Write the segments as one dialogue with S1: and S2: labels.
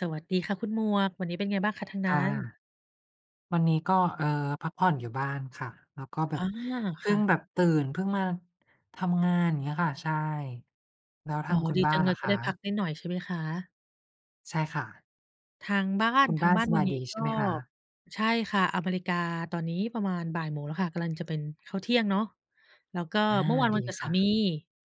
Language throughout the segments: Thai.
S1: สวัสดีค่ะคุณหมวก วันนี้เป็นไงบ้างคะทาง
S2: ค
S1: นั้
S2: ่ะ
S1: น?
S2: วันนี้ก็ เอ่อ พักผ่อนอยู่บ้านค่ะ แล้วก็แบ
S1: อา
S2: บ เพ
S1: ค
S2: ิ่
S1: ่
S2: ง
S1: ะ
S2: แบบตื่น เพิ่งมาทำงาน อย่างเงี้ยค่ะ ใช่ แล้วท
S1: อ๋
S2: า
S1: อ
S2: งคุณ
S1: ดี
S2: บ้
S1: จ
S2: า
S1: ั
S2: น
S1: งเล
S2: ล่
S1: ย
S2: ะ
S1: จะ
S2: ค
S1: ได้พัก
S2: ะ?
S1: นิดหน่อยใช่ไหมคะ?
S2: ใช่ค่ะ
S1: ทางบ้า
S2: ค
S1: น
S2: ุณ
S1: ท
S2: บ
S1: า
S2: ้
S1: ง
S2: าน
S1: บ้าน
S2: ส
S1: ว
S2: บ
S1: ัน
S2: าย
S1: นี้
S2: ดีใ
S1: ก
S2: ช
S1: ็
S2: ่ไหมคะ?
S1: ใช่ค่ะ อเมริกาตอนนี้ประมาณ 13:00 แล้วค่ะ กำลังจะเป็นข้าวเที่ยงเนาะ แล้วก็
S2: อา
S1: เมื่อวานว
S2: ด
S1: ั
S2: ี
S1: นเกิด
S2: ค
S1: สา
S2: ่
S1: มี
S2: ะ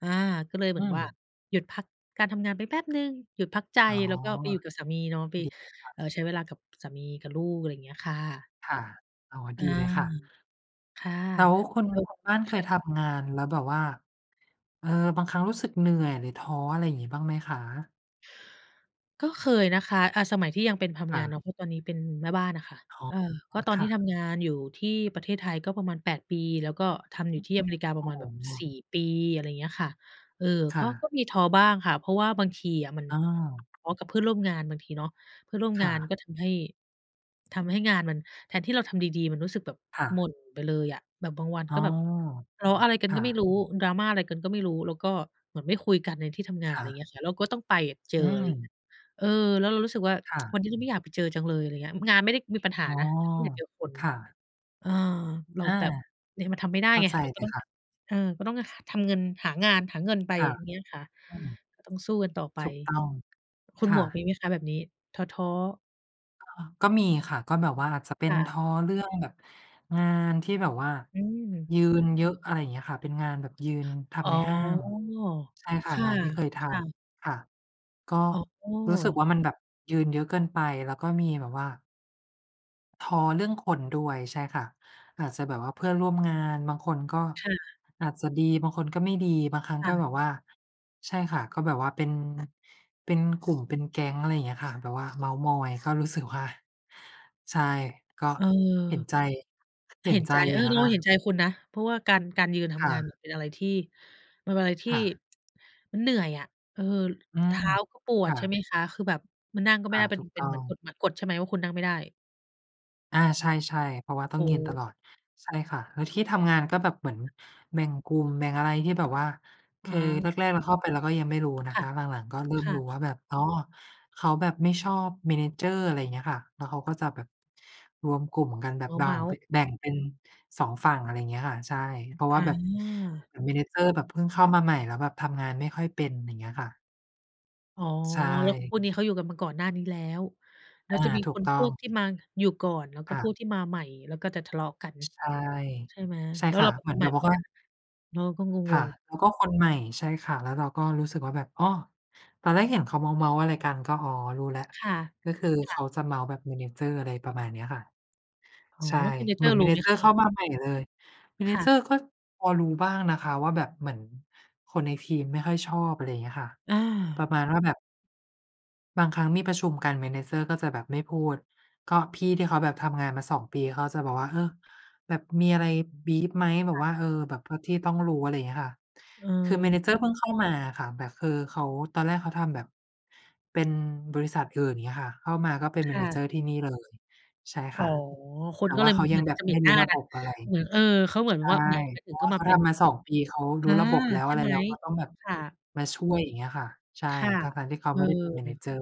S1: อา ก็เลยเหม
S2: อื
S1: ือนว่า
S2: ม
S1: หยุดพักการทำงานไปแป๊บหนึ่ง หยุดพักใจ
S2: อ๋อ
S1: แล้วก็ไปอยู่กับสามีเนาะ ไป
S2: ดีค่ะ
S1: เอ่อ ใช้เวลากับสามีกับลูก อะไรเงี้ยค่ะ
S2: ค่ะ อ๋อ
S1: อา
S2: ดีเลยค่ะ
S1: ค่ะ
S2: แล้วคุณ
S1: แล้ว
S2: คุณบ้านเค
S1: ค่
S2: ย
S1: ะ
S2: ทำงานแล้วแบบว่า เออ บางครั้งรู้สึกเหนื่อยหรือท้อ อะไรงี้บ้างไหมคะ?
S1: ก็เคยนะคะ อ่า สมัยที่ยังเป็นท
S2: ค
S1: ำง
S2: ่
S1: าน
S2: ะ
S1: เนาะ เพราะตอนนี้เป็นแม่บ้านน่ะค่ะ
S2: อ๋อ
S1: เออ ก็ตอน
S2: ค
S1: ที
S2: ่ะ
S1: ่ทำงานอยู่ที่ประเทศไทยก็ประมาณ 8 ปี แล้วก็ทำอย
S2: อ
S1: ู
S2: ื
S1: ่
S2: อ
S1: ที่อเมริกาป
S2: โ
S1: ร
S2: อ
S1: ะ
S2: ้
S1: มา
S2: โ
S1: ณแบบ
S2: ฮ!
S1: 4 ปี อะไรเงี้ยค่ะ เอ่อ
S2: ค
S1: ก
S2: ่
S1: ็ ก็
S2: ะ
S1: มีท้อบ้างค่ะ เพราะว่าบางทีอะมัน
S2: อ้าว
S1: ทะเลาะกับเพื่อนร่วมงานบางทีเนาะ เพื่อนร่วม
S2: ค
S1: ง
S2: ่
S1: าน
S2: ะ
S1: ก็ทำให้ ทำให้งานมัน แทนที่เราทำดี ๆ มันรู้สึกแบบ
S2: ค่
S1: ห
S2: ะ
S1: ม่นไปเลยอะ แบบบางวัน
S2: อ๋
S1: ก
S2: อ
S1: ็แบบทะเลาะอะไรกั
S2: ค
S1: นก
S2: ่
S1: ็
S2: ะ
S1: ไม่รู้ drama อะไรกันก็ไม่รู้ แล้วก็เหมือนไม่คุยกันในที่ทำงา
S2: ค
S1: น อะไ
S2: ่
S1: ร
S2: ะ
S1: เงี้ยค่ะ แล้วก็ ต้องไปอยากเจอ
S2: อื
S1: ไรเงี
S2: ม
S1: ้ย เออ แล้วเรารู้สึกว่า
S2: ค่
S1: "วั
S2: ะ
S1: นนี้ฉันไม่อยากไปเจอจังเลย" อะไรเงี้ย อ งานไม่ได้มีปัญห
S2: อ
S1: า
S2: ๋อ
S1: นะ ไม่อยากเจอคน
S2: ค่ะ
S1: เออ เรา
S2: อา
S1: แบบเนี่ยมันทำไม่ได้
S2: เข้า
S1: ไง
S2: ใจ
S1: เราก
S2: เล
S1: ็
S2: ย
S1: ต้อง
S2: ค่ะ
S1: เออ ก็ต้องทำเงิน หางานหาเงินไป
S2: ค่ะ
S1: อย่างเงี้ยค่ะ
S2: อืม
S1: ก็ต้องสู้กันต่อไป
S2: ถูกต้อง
S1: คุณ
S2: ค
S1: หม
S2: ่
S1: วกมี
S2: ะ
S1: ไหมคะแบบนี้ ท้อ ๆ?
S2: ก็ ก็มีค่ะ ก็แบบว่า จะเป
S1: ค
S2: ็น
S1: ่ะ
S2: ท้อเรื่องแบบงานที่แบบว่า
S1: อืม
S2: ยืนเยอะ อะไรเงี้ยค่ะ เป็นงานแบบยืนท
S1: อ๋
S2: ำ
S1: อ
S2: ในห้าง ใช่ค
S1: ค
S2: ่ะ งาน ที่เคยท
S1: ่ะ ๆ
S2: ำ ค่ะ ก็
S1: อ๋
S2: รู้สึก
S1: อ
S2: ว่า มันแบบยืนเยอะเกินไป แล้วก็มีแบบว่า ท้อเรื่องคนด้วย ใช่ค่ะ อาจจะแบบว่าเพื่อนร่วมงาน บางคนก็
S1: ค่ะ
S2: อาจจะดี บางคนก็ไม่ดี บางครั้ง
S1: ค่
S2: ก็
S1: ะ
S2: แบบว่า ใช่ค่ะ ก็แบบว่าเป็น เป็น กลุ่มเป็นแก๊ง อะไรเงี้ยค่ะ แบบว่าเมาท์มอย ก็รู้สึกว่า ใช่ ก็
S1: เออ
S2: เห็นใจ เห
S1: เ
S2: ็
S1: ห็
S2: น
S1: น
S2: ใจ
S1: ใจ
S2: อ
S1: เอ
S2: ยู่
S1: อ
S2: นะ
S1: เร
S2: ค
S1: า
S2: ะ
S1: เห็นใจคุณนะ เพราะว่าการ การยืนท
S2: ค่
S1: ำงานเนี่ย
S2: ะ
S1: เป็นอะไรที่ มันเป็นอะไรที
S2: ค
S1: ่
S2: ่ะ
S1: มันเหนื่อยอะ เออ
S2: อื
S1: เท
S2: ม
S1: ้าก็ปว
S2: ค
S1: ด
S2: ่
S1: ใช่
S2: ะ
S1: ไหมคะ คือแบบมานั่งก็ไม่
S2: อ
S1: ไ
S2: า
S1: ด้ เป็
S2: ถ
S1: น
S2: ูก
S1: เป็
S2: ต
S1: น
S2: ้
S1: เห
S2: อ
S1: มือน
S2: ง
S1: กฎหมัด กฎใช่ไหมว่าคุณนั่งไม่ได้?
S2: อา ใช่ ๆ เพราะว่าต้
S1: โ
S2: อ
S1: อ
S2: ง
S1: ้
S2: ยื
S1: โ
S2: นต
S1: ฮ!
S2: ลอด ใช่ค่ะ แล้วที่ทำงานก็แบบเหมือนแบ่งกลุ่มแบ่งอะไรที่แบบว่า ค
S1: อ
S2: ือแ
S1: า
S2: รก ๆ เราเข้าไปเราก็ยังไม่รู้นะ
S1: ค่
S2: ค
S1: ะ
S2: ะ หลัง ๆ ก็ เริ่
S1: ค
S2: ม
S1: ่
S2: รู้
S1: ะ
S2: ว่าแบบ อ๋อ เขาแบบไม่ชอบ manager อะไรเงี้ยค่ะ แล้วเขาก็จะแบบรวมกลุ่มกันแบบบ่
S1: เ
S2: า
S1: ม
S2: ง
S1: าท
S2: ปิ
S1: ์ ๆ
S2: ๊ก แบ่งเป็น 2 ฝั่ง อะไรเงี้ยค่ะ ใช่ เพราะว่า
S1: อ
S2: แบบ
S1: า
S2: เหมือน manager แบบเพิ่งเข้ามาใหม่ แล้วแบบทำงานไม่ค่อยเป็น อย่างเงี้ยค่ะ
S1: อ๋อ
S2: ใช
S1: แล้ว
S2: ่
S1: พวกนี้เขาอยู่กันมาก่อนหน้านี้แล้ว แล้
S2: อ
S1: ว
S2: า
S1: จะมี
S2: ถ
S1: ค
S2: ูก
S1: น
S2: ต้
S1: พ
S2: อ
S1: วก
S2: ง
S1: ที่มาอยู่ก่อน แล้วก็
S2: อ
S1: พ
S2: า
S1: วกที่มาใหม่ แล้วก็จะทะเลาะกัน
S2: ใช่
S1: ใช่ไหม
S2: ใช่
S1: แล้ว
S2: ค
S1: เ
S2: ่
S1: ร
S2: ะ
S1: าก็
S2: เหม
S1: ค
S2: ือ
S1: น
S2: น
S1: ให
S2: แ
S1: ม
S2: บ
S1: ่
S2: บ
S1: เห
S2: บ
S1: มื
S2: อก
S1: อน
S2: ว่
S1: กั
S2: า
S1: น เราก็ง
S2: ค่ะ
S1: ง ๆ
S2: แล้วก็คนใหม่ ใช่ค่ะ แล้วเราก็รู้สึกว่าแบบ อ้อ ตอนแรกเห็นเขาเมาท์ ๆ อะไรกัน ก็ อ๋อ รู้แล้ว
S1: ค่ะ
S2: ก็คือ
S1: ค
S2: เ
S1: ่
S2: ข
S1: ะ
S2: าจะเมาท์แบบ manager อะไรประมาณเนี้ยค่ะ
S1: อ๋อ
S2: ใช่
S1: แล้ว
S2: เหมื
S1: manager
S2: อน
S1: รู้ไหมคะ
S2: manager
S1: เน
S2: เ
S1: ี
S2: ข
S1: ่
S2: ้
S1: ย?
S2: ามาใหม่เลย
S1: ค่ะ
S2: manager ก็พอรู้บ้างนะคะว่า แบบเหมือนคนในทีมไม่ค่อยชอบ อะไรอย่างเงี้ยค่ะ
S1: อ
S2: ปร
S1: า
S2: ะมาณว่าแบบ บางครั้งมีประชุมกัน manager ก็จะแบบไม่พูด ก็พี่ที่เขาแบบทำงานมา 2 ปี เขาจะบอกว่า เออ แบบมีอะไร บรีฟ ไหมแบ
S1: ค
S2: บ
S1: ่ะ
S2: ว่า เออ แบบเอาที่ต้องรู้ อะไรเงี้ยค่ะ
S1: อ
S2: คือ
S1: า
S2: manager เพิ่งเข้ามาอะค่ะแบบ คือเขาตอนแรกเขาทำแบบเป็นบริษัทอื่น อย่างเงี้ยค่ะ เข้ามาก็เป็น
S1: ค่ะ
S2: manager ที่นี่เลย ใช่
S1: อ๋
S2: ค
S1: อ
S2: ่ะ
S1: ค
S2: แต
S1: น
S2: ่
S1: ก็
S2: ว
S1: เล
S2: ่า
S1: ยเ
S2: เ
S1: ห
S2: ขาย
S1: ม
S2: ั
S1: ือ
S2: ง
S1: นก
S2: แ
S1: ั
S2: บ
S1: บ
S2: บ
S1: จะเหม
S2: ไ
S1: ็
S2: ม่
S1: นห
S2: ร
S1: น
S2: ู
S1: ้
S2: ้
S1: า
S2: ระ
S1: กั
S2: บ
S1: น
S2: บอะไร
S1: เอ่อ เออ เขาเหมือน
S2: ใช่
S1: ว่า แหม อ
S2: เ
S1: ย
S2: พ
S1: ู่
S2: รา
S1: ๆ
S2: ะ
S1: ก็
S2: ว่า
S1: ม
S2: เ
S1: า
S2: ขา
S1: เป็
S2: ท
S1: น
S2: ำมา 2 ปี เขา
S1: อ
S2: รู
S1: า
S2: ้ระบบแล้ว
S1: ใช่
S2: อะไร
S1: ไหม
S2: แล้ว เขาต้องแบบ
S1: ค่ะ
S2: มาช่วย อย่างเงี้ยค่ะ ใช่
S1: ค่ะ
S2: ทั้ง ๆ ที่เขา
S1: เอ
S2: ไม่ได้เป็น
S1: อ
S2: manager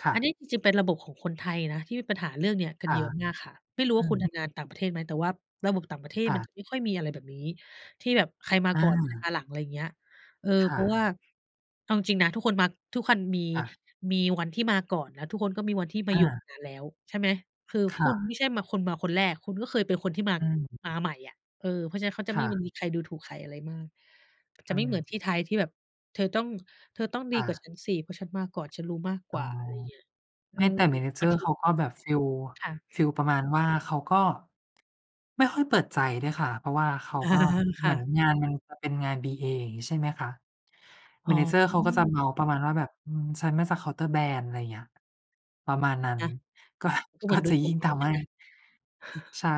S2: ค่
S1: อันนี
S2: ะ
S1: ้จริง ๆ เป็นระบบของคนไทยนะ ที่มีปัญหาเรื่องเนี้ยกัน
S2: อ่า
S1: เยอะมากค่ะ ไม่รู้
S2: อ
S1: ว
S2: ื
S1: ่าคุณท
S2: ม
S1: ำงานต่างประเทศไหม? แต่ว่าระบบต่างประเทศ
S2: ค่
S1: มันจ
S2: ะ
S1: ะไม่ค่อยมีอะไรแบบนี้ ที่แบบใครมา
S2: อ
S1: ก่อนใครม
S2: า
S1: าหลัง อะไรอย่างเงี้ย เออ
S2: ค
S1: เ
S2: ่
S1: พราะว่
S2: ะ
S1: าเอาจริง ๆ นะ ทุกคนมา ทุกคัน มี
S2: ค่ะ
S1: มีวันที่มาก่อนนะ ทุกคนก็มีวันที่มา
S2: อ
S1: อยู่
S2: า
S1: นานแล้วใช่ไหม คือ
S2: ค
S1: ค
S2: ่
S1: ุณ
S2: ะ
S1: ไม่ใช่คนมาคนแรก คุณก็เคยเป็นคนที่ มา
S2: อืม
S1: มาใหม่อะ เออ เพราะฉะนั้นเขาจะ
S2: ค
S1: ไม
S2: ่
S1: ่ มี
S2: ะ
S1: มีใครดูถูกใครอะไรมาก จะ
S2: อ
S1: ไม่เหมือน
S2: า
S1: ที่ไทยที่แบบเธอต้อง เธอต้องด
S2: ค
S1: ี
S2: ่
S1: กว่า
S2: ะ
S1: ฉันสิ เพราะฉันมาก่อนฉันรู้มากก
S2: อ๋
S1: ว
S2: อ
S1: ่า อะไรอย่างนี้ เอ
S2: ไ
S1: อ
S2: ม่ แต่ manager เขาก็แบบ ฟิล
S1: ค่ะ
S2: ฟีลประมาณว่า เขาก็ ไม่ค่อยเปิดใจด้วยค่ะ เพราะว่าเขาก็
S1: ค
S2: เหม
S1: ่
S2: ือน
S1: ะ
S2: งานมันเป็นงาน BA อย่างงี้ ใช่ไหมคะ
S1: อ๋
S2: manager เขาก็จะ
S1: อ
S2: เมาท์ประมาณว่าแบบ อืม ฉันมาจากเคาน์เตอร์แบรนด์ อะไรเงี้ย ประมาณนั้น
S1: อา
S2: ก็
S1: ก็เห
S2: ก
S1: ม
S2: ็
S1: ือนด
S2: จ
S1: ู
S2: ะ
S1: ถ
S2: ย
S1: ู
S2: ิ่
S1: ก
S2: ง
S1: ไป
S2: ท
S1: นิดห
S2: ำ
S1: นึ
S2: ให
S1: ่ง
S2: ้
S1: นะ
S2: ใช่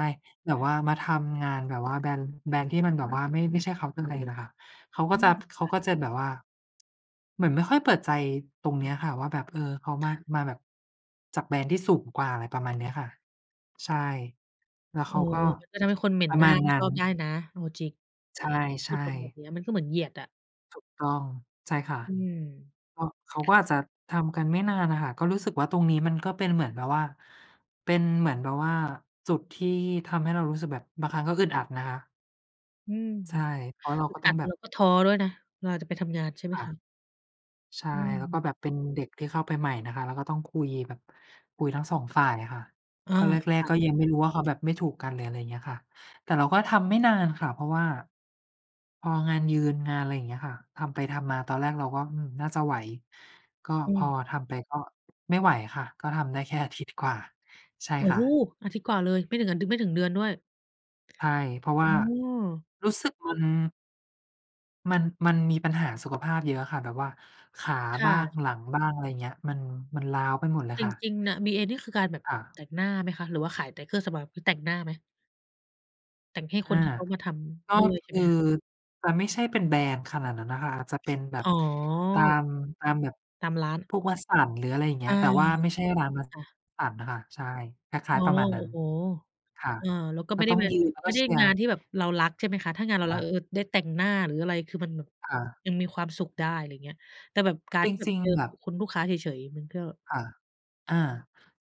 S2: แบบว่ามาทำงานแบบว่า แบรนด์ แบรนด์ที่มันแบบว่าไม่ ไม่ใช่เคาน์เตอร์แบรนด์น่ะค่ะ เขาก
S1: อื
S2: ็จ
S1: ม
S2: ะ เข
S1: ค
S2: า
S1: ่ะ
S2: ก็จะแบบว่า เหมือนไม่ค่อยเปิดใจตรงเนี้ยค่ะว่า แบบ เออ เขา
S1: ต
S2: ม
S1: ่
S2: า
S1: ะ
S2: มาแบบจากแบรนด์ที่สูงกว่า อะไรประมาณเนี้ยค่ะ ใช่ แล้ว
S1: โ
S2: เ
S1: อ
S2: ข
S1: ้!
S2: าก็
S1: มันก็ทำให้คนเหม็
S2: ป
S1: น
S2: ระ
S1: หน้
S2: ม
S1: า
S2: าณ
S1: ไม
S2: น
S1: ่
S2: ั้
S1: ช
S2: น
S1: อบได้นะเอาจริง
S2: ใ
S1: พ
S2: ช
S1: ูด
S2: ่
S1: ตรงแบ
S2: ๆ
S1: บเนี้ย มันก็เหมือนเหยียดอะ
S2: ถูกต้อง ใช่ค่ะ
S1: อืม
S2: ก็ เขาก็อาจจะทำกันไม่นานน่ะค่ะ ก็รู้สึกว่าตรงนี้มันก็เป็นเหมือนแบบว่า เป็นเหมือนแบบว่าจุดที่ทำให้เรารู้สึกแบบบางครั้งก็อึดอัดนะคะ
S1: อืม
S2: ใช่ เพราะเรา
S1: อึ
S2: ก
S1: ด
S2: ็ต
S1: อ
S2: ้อ
S1: ั
S2: ง
S1: ด
S2: แบ
S1: แ
S2: บ
S1: ล้วก็ท้อด้วยนะ เวลาจะไปทำงานใช่ไห
S2: ค
S1: ม
S2: ่ะ
S1: คะ?
S2: ใช่
S1: อ
S2: แล้วก็
S1: ืม
S2: แบบเป็นเด็กที่เข้าไปใหม่นะคะ แล้วก็ต้องคุยแบบ คุยทั้ง 2 ฝ่ายค่ะ
S1: อา
S2: ก็แร
S1: ค
S2: ก
S1: ่ะ
S2: ๆ ก็ยังไม่รู้ว่าเขาแบบไม่ถูกกันเลย อะไรอย่างเงี้ยค่ะ แต่เราก็ทำไม่นานค่ะ เพราะว่าพองานยืนงาน อะไรอย่างเงี้ยค่ะ ทำไปทำมาตอนแรกเราก็ อืม น่าจะไหว ก็
S1: อ
S2: พอ
S1: ืม
S2: ทำไปก็ไม่ไหวค่ะ ก็ทำได้แค่อาทิตย์กว่า ใช่
S1: โอ้
S2: ค่
S1: โฮ!
S2: ะ
S1: อาทิตย์กว่าเลย ไม่ถึง ด ไม่ถึงเดือนด้วย
S2: ใช่ เพราะว
S1: อ
S2: ่า
S1: ้อ
S2: รู้สึกมัน มัน มันมีปัญหาสุขภาพเยอะค่ะแบบว่าขา
S1: ค
S2: บ
S1: ่
S2: ้าง
S1: ะ
S2: หลังบ้าง อะไรอย่างเงี้ย มัน มันร้าวไปหมดเลย
S1: จ
S2: ค่ะ
S1: ริง ๆ น่ะ BA นี่คือการแบบ
S2: ค่
S1: แ
S2: ะ
S1: ต่งหน้าไหมคะ หรือว่าขายแต่เครื่องสำอาง มีแต่งหน้าไหม? แต่งให้
S2: อ
S1: ค
S2: า
S1: นที่เขามาท
S2: ก็
S1: ำด้วย
S2: ค
S1: ใช่ไ
S2: ื
S1: ห
S2: อ
S1: มคะ?
S2: จะไม่ใช่เป็นแบรนด์ขนาดนั้นน่ะค่ะ อาจจะเป็นแบ
S1: อ
S2: บ
S1: ๋อ
S2: ตาม ตามแบบ
S1: ตามร้าน
S2: พวก Watsons หรือ อะไรอย่างเง
S1: อ
S2: ี้
S1: า
S2: ย แต่ว่าไม่ใช่ร้าน
S1: ค่ะ
S2: Watsons นะคะ ใช่ คล
S1: อ
S2: ้
S1: ๋
S2: า
S1: อ
S2: ย ๆ ประมาณน
S1: โ
S2: ั
S1: อ
S2: ้
S1: ้
S2: น
S1: โฮ
S2: ค่ะ
S1: เออ แล้วก็
S2: ก
S1: ไม
S2: ็
S1: ่ได
S2: ต
S1: ้
S2: ้อง
S1: งาน
S2: ยืนแล้ว
S1: ไม
S2: ก็
S1: ่ได
S2: เ
S1: ้
S2: ชียร
S1: งา
S2: ์
S1: นที่แบบเรารักใช่ไหมคะ ถ้างานเรา
S2: ค
S1: ร
S2: ่
S1: ัก เอ
S2: ะ
S1: อ เออ ได้แต่งหน้าหรืออะไร คือมัน
S2: ค่ะ
S1: ยังมีความสุขได้ อะไรอย่างเงี้ย แต่แบบการ
S2: จ
S1: ที่แบ
S2: ร
S1: บ
S2: ิง
S1: เจอ
S2: ๆ แบบ
S1: คุณลูกค้าเฉย ๆ มันก็
S2: ค่ะ อา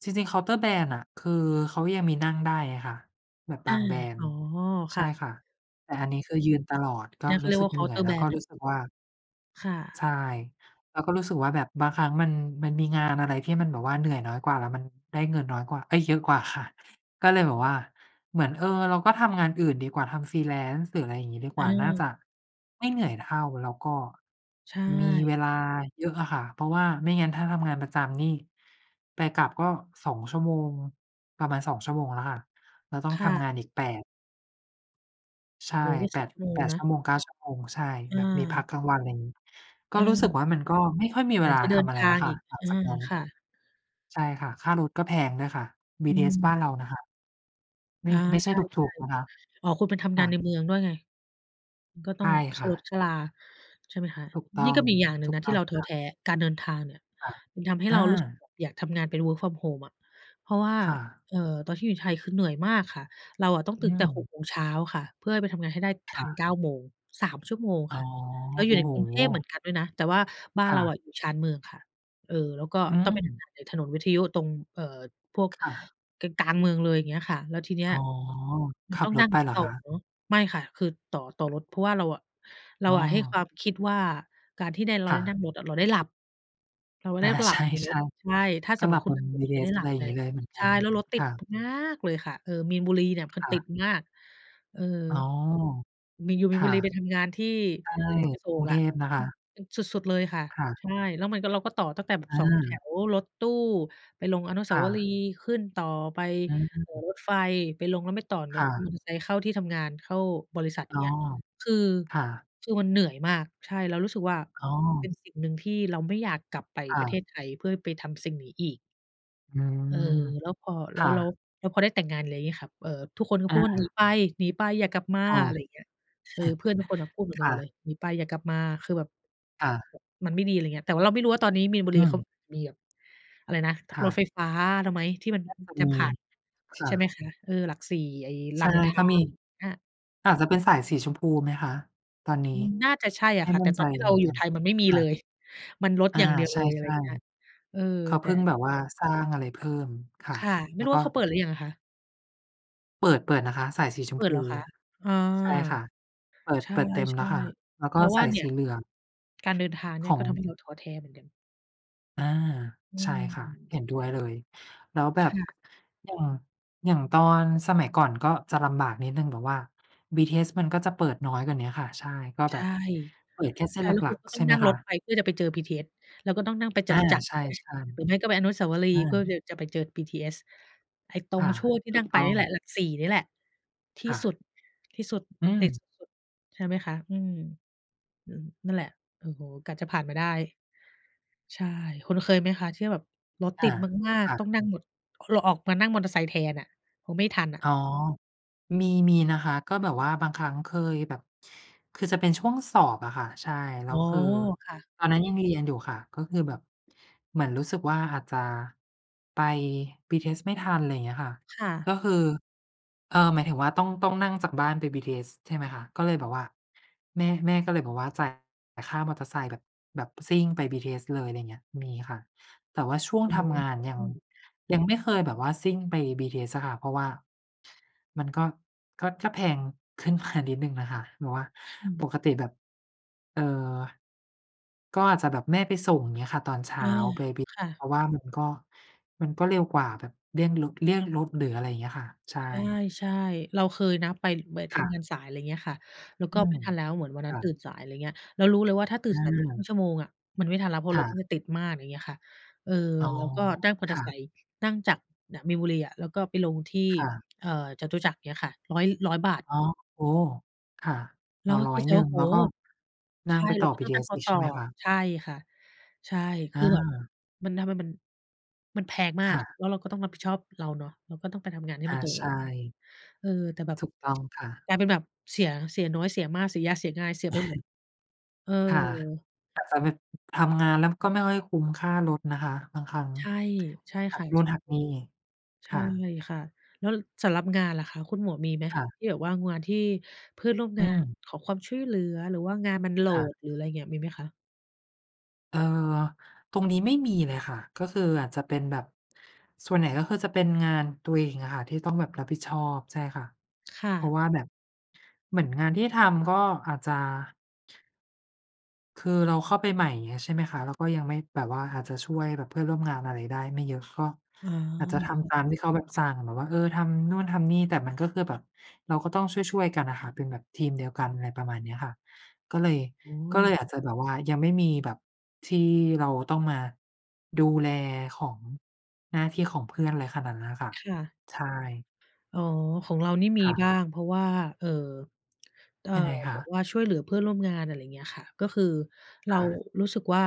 S2: จริง ๆ เคาน์เตอร์แบรนด์น่ะ คือเขายังมีนั่งได้อะค่ะแบบ
S1: อ
S2: บ
S1: า
S2: างแบรน
S1: อ
S2: ด
S1: ๋
S2: ์
S1: อ
S2: ใ
S1: ค
S2: ช่
S1: ่ะ
S2: ค่ะ แต่อันนี้คือยืนตลอด ก็
S1: นั่นเขา
S2: รู้
S1: เรีย
S2: สึ
S1: กว
S2: ก
S1: ่าเ
S2: เ
S1: ค
S2: หน
S1: า
S2: ื
S1: น
S2: ่
S1: ์เ
S2: อ
S1: ต
S2: ย
S1: อร์
S2: แล
S1: แ
S2: ้
S1: บ
S2: ว
S1: ร
S2: ก็
S1: นด์น่
S2: ร
S1: ะ
S2: ู้สึกว่า
S1: ค่ะ
S2: ใช่ แล้วก็รู้สึกว่าแบบบางครั้งมัน มันมีงานอะไรที่มันแบบว่าเหนื่อยน้อยกว่า แล้วมันได้เงินน้อยกว่า เอ๊ย! เยอะกว่าค่ะ ก็เลยแบบว่าเหมือน เออ เราก็ทำงานอื่นดีกว่า ทำ freelance หรือ อะไรอย่างงี้ ดีกว่าน่า
S1: เออ
S2: จะ ไม่เหนื่อยเท่า แล้วก็
S1: ใช
S2: มี
S1: ่
S2: เวลาเยอะอะค่ะ เพราะว่าไม่งั้นถ้าทำงานประจำนี่ไปกลับก็ 2 ชั่วโมง ประมาณ 2 ชั่วโมงแล้วค่ะ แล้วต้อง
S1: ค่
S2: ทำง
S1: ะ
S2: านอีก 8 ใช
S1: โอ
S2: ่
S1: ้โฮ ก็
S2: แป
S1: 10
S2: ด
S1: ชั่วโม
S2: แป
S1: ง
S2: ด
S1: น
S2: ชั่
S1: ะ
S2: วโมง 9 ชั่วโมง ใช่
S1: อ
S2: แบบมีพัก
S1: า
S2: กลางวัน อะไรอย่างนี้ ก
S1: อ
S2: ็
S1: ื
S2: รู้สึก
S1: ม
S2: ว่ามันก็ไม่ค่อยมี
S1: ไห
S2: เ
S1: น
S2: วลา
S1: จะเด
S2: ท
S1: ิน
S2: ำอะไร
S1: ท
S2: แล
S1: า
S2: ้ว
S1: ง
S2: ค่
S1: อ
S2: ะ
S1: ีก
S2: หลัง
S1: อา
S2: จากนั้น
S1: ค่ะ
S2: ใช่ค่ะ ค่ารถก็แพงด้วยค่ะ บี
S1: อื
S2: ทีเอสบ้
S1: ม
S2: านเรานะคะ ไม
S1: อ
S2: ่
S1: า
S2: ไม่ใช
S1: ใ
S2: ่
S1: ช่
S2: ถูก ๆ นะคะ
S1: ๆ อ๋อ คุณไปทำ
S2: ค
S1: งา
S2: ่
S1: นใน
S2: ะ
S1: เมืองด้วยไง อือ ก็ต
S2: ใ
S1: ้
S2: ช
S1: อง
S2: ่
S1: ค
S2: ค
S1: ่
S2: ่
S1: าร
S2: ะ
S1: ถ ค่าลา ใช่ไหมคะ
S2: ถูกต้อ
S1: นี่ก
S2: ง
S1: ็มีอีกอย่างหนึ่
S2: ถ
S1: ง
S2: ู
S1: น
S2: ก
S1: ะ
S2: ต
S1: ที
S2: ้
S1: ่
S2: อ
S1: เ
S2: ง
S1: ราท้
S2: ค
S1: อ
S2: ่
S1: แ
S2: ะ
S1: ท้ การเดินทางเนี่ย
S2: ค่ะ
S1: มันทำให้
S2: อ
S1: เรารู้สึก
S2: า
S1: แบบอยากทำงานเป็น Work from home อะ เพราะว่า
S2: ค่ะ
S1: เอ่อ ตอนที่อยู่ไทยคือเหนื่อยมากค่ะ เราอะต้อง
S2: อ
S1: ต
S2: ื
S1: ื่นตั้งแต่ 6
S2: ม
S1: โมงเช้าค่ะ เพื่อให้ไปทำงานให้ได้
S2: ค
S1: ทั
S2: ่
S1: น
S2: ะ
S1: 9 โมง 3 ชั่วโมง
S2: อ๋
S1: ค
S2: อ
S1: ่ะ เรา
S2: โ
S1: อยู
S2: อ
S1: ่
S2: ้
S1: ใน
S2: โ
S1: กรุงเทพเห
S2: ฮ
S1: มือนกันด้วยนะ แต่ว่าบ้า
S2: ค
S1: น
S2: ่
S1: เรา
S2: ะ
S1: อะอยู่ชานเมืองค่ะ เออ แล้วก็
S2: อื
S1: ต้องไปท
S2: ม
S1: ำงานในถนนวิทยุตรง เอ่อ พวก
S2: ค่ะ
S1: กลาง ๆ เมืองเลย อย่างเงี้ยค่ะ แล้วทีเนี้ย
S2: อ๋อ
S1: ม
S2: ข
S1: ัน
S2: ั
S1: ต
S2: บ
S1: ้อง
S2: ร
S1: นั
S2: ถ
S1: ่ง
S2: ไป
S1: หลา
S2: เ
S1: ย
S2: หรอ
S1: ต่
S2: ค
S1: อ
S2: ะ?
S1: เนาะ ไม่ค่ะ คือต่อ ต่อรถ เพราะว่าเราอะ เรา
S2: อ๋
S1: อะให้คว
S2: อ
S1: ามคิดว่าการที่ได้ เรา
S2: ค่
S1: ได้นั่
S2: ะ
S1: งรถอะเราได้หลับ เราจะ
S2: อ
S1: ได
S2: า
S1: ้หล
S2: ใ
S1: ั
S2: ช
S1: บบนรถ
S2: ่
S1: ใช่ ถ้า
S2: ๆ ก
S1: ส
S2: ็
S1: มม
S2: ห
S1: ุ
S2: ลั
S1: ติ
S2: บ
S1: คุ
S2: บ
S1: ณ
S2: น
S1: ขับรถ
S2: บีที
S1: ไม
S2: เ
S1: ่
S2: อ
S1: ได้
S2: ส
S1: ห
S2: อ
S1: ล
S2: ะ
S1: ั
S2: ไร
S1: บ
S2: อย่า
S1: ใ
S2: ง
S1: ง
S2: งี้ เลยเหมือนก
S1: ใ
S2: ั
S1: ช่
S2: น
S1: แล้วรถติ
S2: ค
S1: ด
S2: ่ะ
S1: มากเลยค่ะ เออ มีนบุรีเนี่ยพัน
S2: ค่
S1: ติ
S2: ะ
S1: ดมาก เออ
S2: อ๋อ
S1: มี อยู่
S2: ค
S1: มีนบ
S2: ่
S1: ุ
S2: ะ
S1: รีไปทำงานที่
S2: ใช่
S1: ถนนอโศ
S2: กรุ
S1: ก
S2: งเ
S1: อ
S2: ท
S1: ะ
S2: พนะค
S1: อื
S2: ะ
S1: อ สุด ๆ เลยค่ะ
S2: ค่ะ
S1: ใช่ แล้วมันก็ เราก็ต่อตั้งแต่แบบ
S2: อ
S1: สองแถ
S2: า
S1: วรถตู้ไปลงอนุส
S2: ค
S1: า
S2: ่
S1: วรี
S2: ะ
S1: ย์ ขึ้นต่อไป
S2: อ
S1: เอ่อ
S2: ืม
S1: รถไฟ ไปลงแล้วไม่ต่อร
S2: ค
S1: ถ
S2: ่
S1: มอ
S2: ะ
S1: เตอร์ไซค์เข้าที่ทำงาน เข้าบริษัท อ
S2: อ
S1: ย่
S2: ๋อ
S1: างเงี้ย คือ
S2: ค่ะ
S1: คือมันเหนื่อยมาก ใช่ เรารู้สึกว่า
S2: อ๋อ
S1: เป็นสิ่งหนึ่งที่เราไม่อยากกลับไป
S2: ค่
S1: ประเท
S2: ะ
S1: ศไทยเพื่อไปทำสิ่งนี้อีก
S2: อื
S1: เออ
S2: ม
S1: แล้วพอ แ
S2: ค
S1: ล้ว
S2: ่
S1: แล้ว
S2: ะ
S1: แล้วพอได้แต่งงาน อะไรเงี้ยค่ะ เอ่อ ทุกคนก็พ
S2: อ
S1: ูดว่า "หนี
S2: า
S1: ไป หนีไป อย่ากลับมา"
S2: ค่ะ
S1: อะไรอย่างเงี้ย เออ เพื่อนทุกคนน่ะพูดเหมือน
S2: ค
S1: กันห
S2: ่
S1: มด
S2: ะ
S1: เลย "หนีไป อย่ากลับมา" คือแบบ
S2: ค่ะ
S1: มันไม่ดี อะไรอย่างเงี้ย แต่ว่าเราไม่รู้ว่า ตอนนี้มีนบุ
S2: อ
S1: รี
S2: ื
S1: เขา
S2: ม
S1: มีแบบอะไรนะ
S2: ค่
S1: รถ
S2: ะ
S1: ไฟฟ้าแล้วไหมที่มัน
S2: น่าจะ
S1: จ
S2: ม
S1: ะ
S2: ี
S1: ผ่าน
S2: ค
S1: ใ
S2: ่
S1: ช
S2: ะ
S1: ่ไหมคะ เออ หลักสี่ ไอ้
S2: ใ
S1: ร
S2: ช
S1: า
S2: ่
S1: มอินทร
S2: ก็
S1: า
S2: มี
S1: อา
S2: อาจจะเป็นสายสีชมพูไหมคะตอนนี้
S1: อืม น่าจะใช่อ
S2: ไ
S1: ะ
S2: ม่
S1: ค่ะ
S2: ม
S1: แ
S2: ั
S1: ต
S2: ่
S1: ่
S2: น
S1: ต
S2: ใจ
S1: อนที่เร
S2: เ
S1: า
S2: หมือน
S1: อยู
S2: ก
S1: ่
S2: ัน
S1: ไทยมันไม่มี
S2: ค
S1: เ
S2: ่
S1: ล
S2: ะ
S1: ย มันรถ
S2: อา
S1: อย่างเดียว
S2: ใ
S1: เลย อะไ
S2: ช
S1: รอย
S2: ่
S1: ่างเงี้ย เออ
S2: ๆ เขา
S1: แ
S2: เ
S1: ต
S2: พ
S1: ่
S2: ิ่งแบบว่าสร้างอะไรเพิ่ม ค่ะ
S1: ค่ะ ไม
S2: แ
S1: ่
S2: ล้
S1: ร
S2: ว
S1: ู้
S2: ก
S1: ว่
S2: ็
S1: าเขาเปิดหรือยังอะคะ?
S2: เปิด เปิดนะคะ สายสีช
S1: เ
S2: ม
S1: ปิ
S2: พ
S1: ด
S2: ู
S1: เหรอคะ? อา
S2: ใช่ค่ะ เปิด
S1: ใช
S2: เปิดเต็มแล้ว
S1: ่
S2: ค่ะ แล้ว
S1: ๆ
S2: ก
S1: เ
S2: ็
S1: ราว
S2: ส
S1: ่า
S2: าย
S1: เนี่
S2: ส
S1: ย
S2: ีเหลือง
S1: การเดินทางเน
S2: ข
S1: ี่ย
S2: อ
S1: ก็
S2: ง
S1: ทำให้เราท้อแท้เหมือนกัน
S2: อา
S1: อื
S2: ใช่ค่ะ เห็นด้
S1: ม
S2: วยเลย แล้วแบ
S1: ค
S2: บ
S1: ่ะ
S2: อย่าง อย่างตอนสมัยก่อน ก็จะลำบากนิดหนึ่งแบบว่าบีทีเอส มันก็จะเปิดน้อยกว่าเนี้ยค่ะ ใช่ ก็
S1: ใ
S2: แ
S1: ช
S2: บ
S1: ่
S2: บเปิดแค่เส
S1: ใช
S2: ้
S1: ่
S2: นห
S1: แล้ว
S2: ล
S1: ค
S2: ั
S1: ุณ
S2: ก
S1: ก็
S2: ๆ
S1: ต
S2: ใ
S1: ้
S2: ช
S1: อ
S2: ่
S1: ง
S2: ไ
S1: น
S2: หม
S1: ั่ง
S2: ค
S1: ร
S2: ะ?
S1: ถไป เพื่อจะไปเจอบีทีเอส แล้วก็ต้องนั่งไปจ
S2: อา
S1: ตุจักร
S2: ใช
S1: ใ
S2: ่
S1: ช่ไหม หรือไม่ก็ไปอนุสาวรี
S2: ๆ อ
S1: ย์ เพื่อ
S2: า
S1: จะไปเจอบีทีเอส ไอ้ตร
S2: ค
S1: ง
S2: ่ะ
S1: ช่วงที่
S2: ถ
S1: น
S2: ู
S1: ั่
S2: ก
S1: งไป
S2: ต้อ
S1: เนี่ยแหล
S2: ง
S1: ะ หลักสี่เนี่ยแหละ ที
S2: ค
S1: ่
S2: ่
S1: ส
S2: ะ
S1: ุด ที่สุด
S2: อื
S1: ติด
S2: ม
S1: สุด ๆ ใช่ไหมคะ อืม อ นั่นแหละ โอ้โฮ กว่าจะผ่านมาได้ ใช่ คุณเคยไหมคะที่แบบรถ
S2: อ
S1: ติ
S2: า
S1: ดมาก
S2: ค่
S1: ๆ ต้อ
S2: ะ
S1: งนั่งรถ ร เราออกมานั่งมอเตอร์ไซค์แทนน่ะ กลัวไม่ทันน่ะ?
S2: อ๋อ มี มีนะคะ ก็แบบว่าบางครั้งเคยแบบ คือจะเป็นช่วงสอบอะค่ะ ใช่ แล
S1: อ
S2: ้
S1: ๋
S2: ว
S1: อ
S2: คือ
S1: ค่ะ
S2: ตอนนั้นยังเรียนอยู่ค่ะ ก็คือแบบเหมือนรู้สึกว่า อาจจะไปบีทีเอสไม่ทัน อะไรอย่างเงี้ยค่ะ
S1: ค่ะ
S2: ก็คือ เออ หมายถึงว่า ต้อง ต้องนั่งจากบ้านไปบีทีเอส ใช่ไหมคะ ก็เลยแบบว่า แม่ แม่ก็เลยบอกว่า จ่ายค่ามอเตอร์ไซค์แบบ แบบซิ่งไปบีทีเอสเลย อะไรเงี้ย มีค่ะ แต่ว่าช่วง
S1: อ
S2: ทำงานยัง
S1: ือ
S2: ยังไม่เคยแบบว่าซิ่งไปบีทีเอสอะค่ะ เพราะว่ามันก็ ก็ ก็แพง ขึ้นมา นิดหนึ่งน่ะค่ะ แบบว่า
S1: อื
S2: ป
S1: ม
S2: กติแบบ เอ่อ ก็อาจจะแบบแม่ไปส่ง อย่างเงี้ยค่ะ ตอนเช้
S1: อ
S2: า
S1: า
S2: ไปบิ
S1: ค่ะ
S2: เพราะว่ามันก็ มันก็เร็วกว่าแบบเลี่ยงรถ เลี่ยงรถ หรืออะไรเงี้ยค่ะ ใช่
S1: ใช่ ๆ เราเคยนะไป ไปท
S2: ค่
S1: ำง
S2: ะ
S1: านสาย อะไรอย่างเงี้ยค่ะ แล้ว
S2: อ
S1: ก็
S2: ื
S1: ไม
S2: ม
S1: ่ทันแล้วเหมือนวันน
S2: ค
S1: ั้
S2: ่
S1: นตื่
S2: ะ
S1: นสาย อะไรเงี้ย แล้วรู้เลยว่า ถ้าตื่
S2: อ
S1: น
S2: ื
S1: สายไป คร
S2: ม
S1: ึ่งชั่วโมง อะ มันไม่ทันแล้วเพราะ
S2: ค
S1: ร
S2: ่
S1: ถมั
S2: ะ
S1: นจะติดมาก อย่างเงี้ยค่ะ เออ
S2: อ๋อ
S1: แล้วก็นั่งมอ
S2: ค
S1: เตอร
S2: ่
S1: ์ไ
S2: ะ
S1: ซค์ นั่งจากน่ะ มีนบุรีอะ แล้วก็ไปลงที่
S2: ค่ะ
S1: เอ่อ จตุจักร เงี้ยค่ะ 100- 100 บาท
S2: อ๋อ โอ้ ค่ะ
S1: เ
S2: อ
S1: ร
S2: ๋
S1: า
S2: อ
S1: ก็
S2: ร้อ
S1: คิ
S2: ย
S1: ดในใจ
S2: หนึ่
S1: ว่
S2: ง
S1: า โอ
S2: แล
S1: ้
S2: ้วก
S1: โ
S2: ็
S1: ฮ
S2: นั
S1: ใช
S2: ่ง
S1: ่
S2: ไปต
S1: แล้
S2: ่อ
S1: วก็
S2: บี
S1: ต้
S2: ท
S1: อง
S2: ีเ
S1: น
S2: อ
S1: ั่ง
S2: ส
S1: ร
S2: อี
S1: ถ
S2: ก
S1: ต
S2: ใช
S1: ่
S2: ่
S1: อ
S2: ไหมคะ?
S1: ใช่ค่ะ ใช่ คือแบบ
S2: อา
S1: มันทำให้มัน มันแพงมา
S2: ค
S1: ก
S2: ่ะ
S1: แล้วเราก็ต้องรับผิดชอบเราเนาะ เราก็ต้องไปทำงานให้
S2: อ
S1: มั
S2: า
S1: นตรง
S2: ใช
S1: เวลา
S2: ่
S1: เออ แต่แบบ
S2: ถูกต้องค่ะ
S1: กลายเป็นแบบเสีย เสียน้อยเสียมาก เสียยากเสียง่าย เสียไปหมด เออ
S2: ค่ะ อาจจะไม่ ทำงานแล้วก็ไม่ค่อยคุ้มค่ารถนะคะ บางครั้ง
S1: ใช่ ใช่
S2: หั
S1: ค่
S2: ก
S1: ะ [unintelligible]
S2: นู่นหักนี่
S1: ใช
S2: ค
S1: ่
S2: ่ะ
S1: ค่ะ แล้วสำหรับงานล่ะคะ คุณหมวกมีไหม
S2: ค่ะ
S1: ที่แบบว่างานที่เพื่อนร่วม
S2: อ
S1: ง
S2: ื
S1: าน
S2: อ
S1: ขอความช่วยเหลือ หรือว่างานมันโหล
S2: ค่ะ
S1: ด หรืออะไรอย่างเงี้ย มีไหมคะ?
S2: เอ่อ ตรงนี้ไม่มีเลยค่ะ ก็คืออาจจะเป็นแบบ ส่วนใหญ่ ก็คือจะเป็นงานตัวเองอะค่ะที่ต้องแบบรับผิดชอบ ใช่ค่ะ
S1: ค่
S2: เพรา
S1: ะ
S2: ะว่าแบบเหมือนงานที่ทำก็อาจจะ คือเราเข้าไปใหม่ไง ใช่ไหมคะ เราก็ยังไม่ แบบว่าอาจจะช่วยแบบเพื่อนร่วมงานอะไรได้ไม่เยอะ ก็
S1: อ๋
S2: อาจจะท
S1: อ
S2: ำตามที่เขาแบบสั่งแบบว่า เออ ทำนู่นทำนี่ แต่มันก็คือแบบเราก็ต้องช่วย ๆ กันอะค่ะเป็นแบบทีมเดียวกันอะไรประมาณเนี้ยค่ะ ก็เลย
S1: อื
S2: ก็เ
S1: ม
S2: ลยอาจจะแบบว่ายังไม่มีแบบที่เราต้องมาดูแลของ หน้าที่ของเพื่อนอะไรขนาดนั้นอะค่ะ
S1: ค่ะ
S2: ใช่
S1: อ๋อ ของเรานี่มี
S2: ค่ะ
S1: บ้าง เพราะว่า เอ่อ เอ่อ
S2: ยังไงค
S1: แบ
S2: ะ?
S1: บว่าช่วยเหลือเพื่อนร่วมงาน อะไรอย่างเงี้ยค่ะ ก็คือเร
S2: ค
S1: า
S2: ่ะ
S1: รู้สึกว่า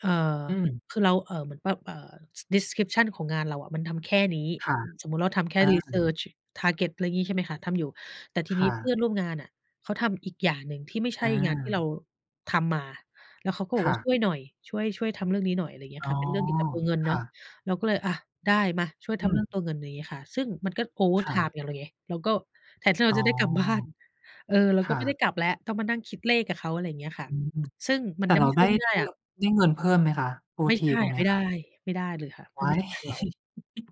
S1: เอ่อ
S2: อืม
S1: คือเรา เอ่อ เหมือนแบบ เอ่อ Description ของงานเราอะมันทำแค่นี้
S2: ค่ะ
S1: สมมุติเราทำแค่
S2: อา
S1: Research target อะไรอย่างงี้ ใช่ไหมคะ ทำอยู่ แต่ที
S2: ค
S1: นี้
S2: ่
S1: เพื่อ
S2: ะ
S1: นร่วมงานน่ะเขาทำอีกอย่างหนึ่งที่ไม่ใช
S2: อ
S1: ่งานที่เ
S2: า
S1: ราทำมา แล้วเขาก็บอ
S2: ค
S1: ก
S2: ่
S1: ว่า
S2: ะ
S1: "ช่วยหน่อย ช่วย ช่วยทำเรื่องนี้หน่อย" อะไรเงี้ย
S2: อ๋
S1: ค่
S2: อ
S1: ะ เป็นเรื่องเกี่ยวกับตัวเงินเ
S2: ค
S1: นา
S2: ่
S1: ะ
S2: ะ
S1: เราก็เลยอะได้มาช่วย
S2: อ
S1: ท
S2: ื
S1: ำเรื่องต
S2: ม
S1: ัวเงิน อะไรอย่างนี้อะค่ะ ซึ่งมันก็โอเวอร์
S2: ค
S1: ไท
S2: ่
S1: ม
S2: ะ
S1: ์กับเราไง เราก็แทนที่เร
S2: อ
S1: า
S2: ๋อ
S1: จะได้กลับบ้าน เออ เรา
S2: ค
S1: ก็
S2: ่
S1: ไม่ได้
S2: ะ
S1: กลับแล้ว ต้องมานั่งคิดเลขกับเขา อะไรอย่างเงี้ยค่ะ
S2: อือ
S1: ซึ่งมั
S2: แต
S1: น
S2: ่
S1: จะ
S2: เ
S1: ไ
S2: ร
S1: ม
S2: า
S1: ่ช
S2: ไ
S1: ่
S2: ด้
S1: วยไม่ได้
S2: ได้
S1: อ
S2: แ
S1: ะ
S2: บบ ได้เงินเพิ่มไหมคะโอ
S1: ไม่
S2: ท
S1: ใ
S2: ี
S1: ช่
S2: ตรงนี
S1: ไม
S2: ้
S1: ่ได
S2: ค
S1: ้
S2: ่ะ?
S1: ไม่ได้เลยค่ะ มั
S2: ว
S1: น
S2: ้
S1: ไม
S2: า
S1: ่
S2: ย
S1: ใช่เรา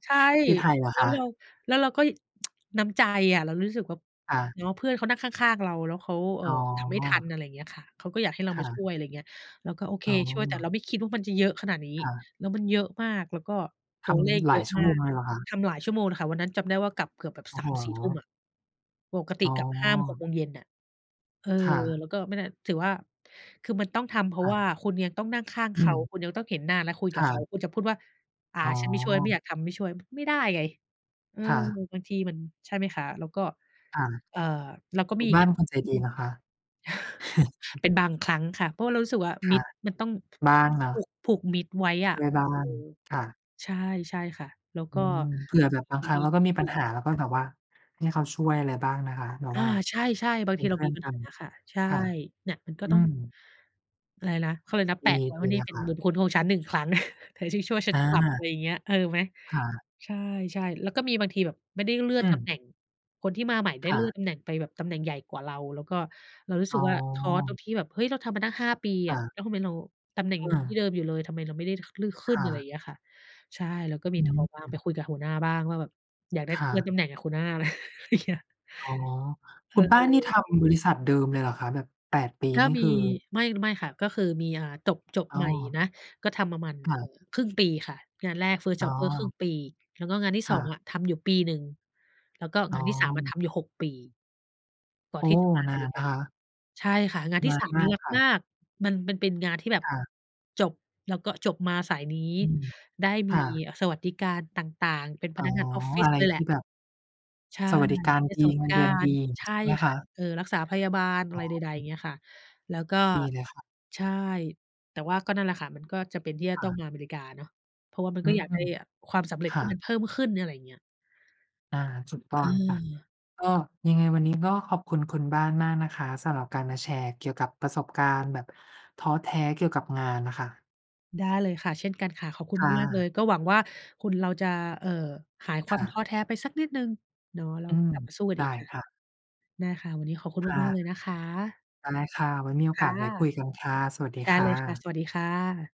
S1: ใช่
S2: ที่ไทยเหรอ
S1: แล้
S2: ค
S1: วเรา
S2: ะ?
S1: แล้วเราก็ น้ำใจอะ เรารู้สึกว่า
S2: ค่ะ
S1: เนาะ เพื่อนเขานั่งข้าง ๆ เราแล้วเขา เอ
S2: อ
S1: ่อ
S2: ๋
S1: ทำไม่ทั
S2: อ
S1: น อะไรอย่างเงี้ยค่ะ เขาก็อยากให้เรา
S2: ค
S1: ม
S2: ่
S1: าช่
S2: ะ
S1: วย อะไรเงี้ย เราก็โอเค
S2: อ๋อ
S1: ช่วย แต่เราไม่คิดว่ามันจะเยอะขนาดนี้
S2: ค่ะ
S1: แล้วมันเยอะมาก แล้วก็ต
S2: ท
S1: ัวเลข
S2: ำห
S1: เ
S2: ล
S1: ยอ
S2: าย
S1: ะ
S2: ชั่ว
S1: มา
S2: โมง
S1: ก
S2: เลยเหรอคะ?
S1: ทำหลายชั่วโมงค่ะ วันนั้นจำได้ว่ากลับเกือบแบบ
S2: โอ
S1: ส
S2: ้
S1: า
S2: โ
S1: มสี่ ทุ่มอ
S2: ฮ
S1: ะ ปกติ
S2: อ๋
S1: กลับ 5-6
S2: อ
S1: โมงเย็นน่ะ เออ
S2: ค่ะ
S1: แล้วก็ ไม่ได้ ถือว่าคือมันต้องทำ เพร
S2: ค
S1: าะ
S2: ่ะ
S1: ว่าคุณยังต้องนั่งข้าง
S2: อ
S1: เข
S2: ื
S1: า
S2: ม
S1: คุณยังต้องเห็นหน้าแล้วคุย
S2: ค
S1: กับ
S2: ่
S1: เขา
S2: ะ
S1: คุณจะพูดว่า อ่า
S2: อ๋
S1: ฉันไม่ช่วยไม่
S2: อ
S1: อยากทำไม่ช่วย ไม่ได้ไง เออ
S2: ค่ะ
S1: บางทีมัน ใช่ไหมคะ แล้วก็
S2: ค่ะ
S1: เอ่อ แล้วก็
S2: ค
S1: มี
S2: ุณ
S1: อี
S2: บ
S1: ก
S2: ้า
S1: อ
S2: นเ
S1: ย่า
S2: ป
S1: ง
S2: ็นคนใจ
S1: อื
S2: ดี
S1: อ
S2: นะคะ
S1: เป็นบางครั้งค่ะ เพราะว่าเรารู้สึกว่า
S2: ค
S1: มิ
S2: ่ะ
S1: ตรมันต้อง
S2: บ้างเน
S1: ผ
S2: าะ
S1: ูก ผูกมิตรไว้อะ
S2: ช่วยบ้า
S1: อื
S2: ง
S1: อ
S2: ค่ะ
S1: ใช่ ใช่ค่ะ แล้ว
S2: อื
S1: ก็
S2: ม เผื่อแบบบาง
S1: ยั
S2: ค
S1: ง
S2: รั้ง
S1: มี
S2: เราก็
S1: ที
S2: มีปัญ
S1: ่
S2: หา แล้วก็แบบว่าให้เขาช่วยอะไรบ้างนะคะ แบบ
S1: อา
S2: ว่า
S1: ใช่ ๆ บา
S2: เ
S1: ง
S2: ป็
S1: ที
S2: น
S1: เ
S2: เ
S1: ร
S2: พ
S1: า
S2: ื่
S1: ม
S2: อ
S1: ี
S2: น
S1: ปั
S2: ก
S1: ญ
S2: ั
S1: ห
S2: น
S1: าค่ะ ใช่
S2: ค่ะ
S1: เนี่ยมันก็
S2: อื
S1: ต้อง
S2: ม
S1: อะไรนะ เขาเรียกอะไรนะ
S2: ด
S1: แปะไว้ว่
S2: ี
S1: านี่
S2: ๆ นะ
S1: เป็
S2: ค
S1: นบุ
S2: ะ
S1: ญคุณของฉัน 1 ครั้ง เธอช่วย ๆ ฉั
S2: อ
S1: น
S2: า
S1: กลับ อะไรอย่างเงี้ย เออไหม
S2: ค่ะ
S1: ใช่ ๆ แล้วก็มีบางทีแบบไม่ได้เลื่อ
S2: อ
S1: น
S2: ื
S1: ตำแ
S2: ม
S1: หน่ง คนที่มาใหม่ได้
S2: ค่
S1: เลื่อน
S2: ะ
S1: ตำแหน่งไปแบบตำแหน่งใหญ่กว่าเราแล้วก็เรารู้
S2: อ
S1: สึ
S2: ๋
S1: กว่า ท้อตร
S2: อ
S1: งที่แบบ เฮ้ย เราทำมาตั้ง 5 ปีอ
S2: อ
S1: ะ
S2: า
S1: แล้วทำไมเราตำแหน่ง
S2: อื
S1: ที
S2: ม
S1: ่เดิมอยู่เลย ทำไมเราไม่ได้ ข เลื่อนขึ
S2: ค
S1: ้น
S2: ่
S1: อะไรอย
S2: ะ
S1: ่างเงี้ยค่ะ ใช่แล้วก็ม
S2: อ
S1: ีท้อ
S2: ื
S1: บ้าง ไ
S2: ม
S1: ปคุยกับหัวหน้าบ้างว่า แบบอยากได้
S2: ค่
S1: เลื่อนต
S2: ะ
S1: ำแหน่งคุหน้า อย่างเงี้ย
S2: อ๋อ
S1: เ
S2: คุณบ้านนี่ท
S1: ออ
S2: ำบริษัทเดิมเลยเหรอคะ? แบบ 8 ปี
S1: ก็
S2: นี่
S1: มี
S2: คือ
S1: ไม่ ไม่ค่ะ ก็คือมี อ่า จบ จบ
S2: อ๋
S1: ใ
S2: อ
S1: หม่นะ ก็ทำประมาณ
S2: ค
S1: เ
S2: ่
S1: อ
S2: ะ
S1: ่อ ครึ่งปีค่ะ งานแรก First
S2: อ๋
S1: jobber ครึ่ง
S2: อ
S1: ปี แล้วก็งานที่
S2: ค
S1: ส
S2: ่
S1: อง
S2: ะ
S1: อะทำอยู่ปีหนึ่ง แล้วก็
S2: อ
S1: ง
S2: ๋
S1: า
S2: อ
S1: นที่ 3 อะทำอยู่ 6 ปี ก่อน
S2: โอ้
S1: ที่จะมาอ
S2: น
S1: เม
S2: า
S1: ร
S2: น
S1: ิก
S2: นะ
S1: า
S2: คะ
S1: ใช่ค่ะ งาน
S2: น
S1: ที่
S2: า
S1: ส
S2: น
S1: าม
S2: ม
S1: นี
S2: า
S1: ่
S2: ก
S1: รัก
S2: ค่
S1: มา
S2: ะ
S1: ก มัน มันเป็นงานที่แบบ
S2: ค่ะ
S1: จบแล้วก็ จบมาสายนี้
S2: อือ
S1: ได้ม
S2: ค
S1: ี
S2: ่ะ
S1: สวัสดิการต่าง ๆ เป็นพ
S2: อ๋อ
S1: นักงานออฟฟิ
S2: อ
S1: ศ
S2: ะไร
S1: เลยแห
S2: ท
S1: ละ
S2: ี่แบบ
S1: ใช่
S2: สวัสดิการ
S1: ได้
S2: ดี
S1: สวัสด
S2: เง
S1: ิ
S2: ิ
S1: ก
S2: นเ
S1: า
S2: ดือนด
S1: ร
S2: ี
S1: ใช
S2: ใ
S1: ่
S2: ช่ไหม
S1: ค
S2: ค
S1: ่ะ
S2: ะ?
S1: เออ รักษาพยาบาลอ
S2: อ
S1: ะไรใด ๆ อย่
S2: ๋
S1: า
S2: อ
S1: งเงี้ยค่ะ แล้วก็
S2: ดีเลยค่ะ
S1: ใช่ แต่ว่าก็นั่นแหละค่ะ มันก็จะเป็นที่จะ
S2: ค
S1: ต
S2: ่
S1: ้อ
S2: ะ
S1: งมาอเมริกาเนาะ เพราะว่ามัน
S2: อ
S1: ก
S2: ื
S1: ็อยากได้
S2: ม
S1: ความสำเร็จ
S2: ค
S1: ท
S2: ่
S1: ี่มั
S2: ะ
S1: นเพิ่มขึ้น อะไรอย่างเงี้ย
S2: อา ถูกต้องค่ะ
S1: เออ
S2: ก็ยังไงวันนี้ก็ขอบคุณคุณบ้านมากนะคะ สำหรับการมาแชร์เกี่ยวกับประสบการณ์แบบท้อแท้เกี่ยวกับงานน่ะค่ะ
S1: ได้เลยค่ะ เช่นกันค่ะ ขอบคุณ
S2: ค่
S1: มาก ๆ เล
S2: ะ
S1: ย ก็หวังว่า คนเราจะ เอ่อ หายค
S2: ค
S1: วา
S2: ่
S1: มท้อ
S2: ะ
S1: แท้ไปสักนิดหนึ่งเนาะ เรา
S2: อื
S1: ก็
S2: อ
S1: กลับมาสู้กัน
S2: ไ
S1: อ
S2: ด
S1: ีก
S2: ้
S1: ค่ะ
S2: ค่ะ
S1: ได้ค่ะ วันนี้ขอบคุณ
S2: ค่
S1: ม
S2: ะ
S1: าก ๆ เลยนะคะ
S2: ได้ค่ะ วันมีโอ
S1: ค
S2: ก
S1: ่ะ
S2: าสไว้คุยกันค่ะ สวัสดี
S1: ได้
S2: ค
S1: เ
S2: ่
S1: ลยค่ะ
S2: ะ
S1: สวัสดีค่ะ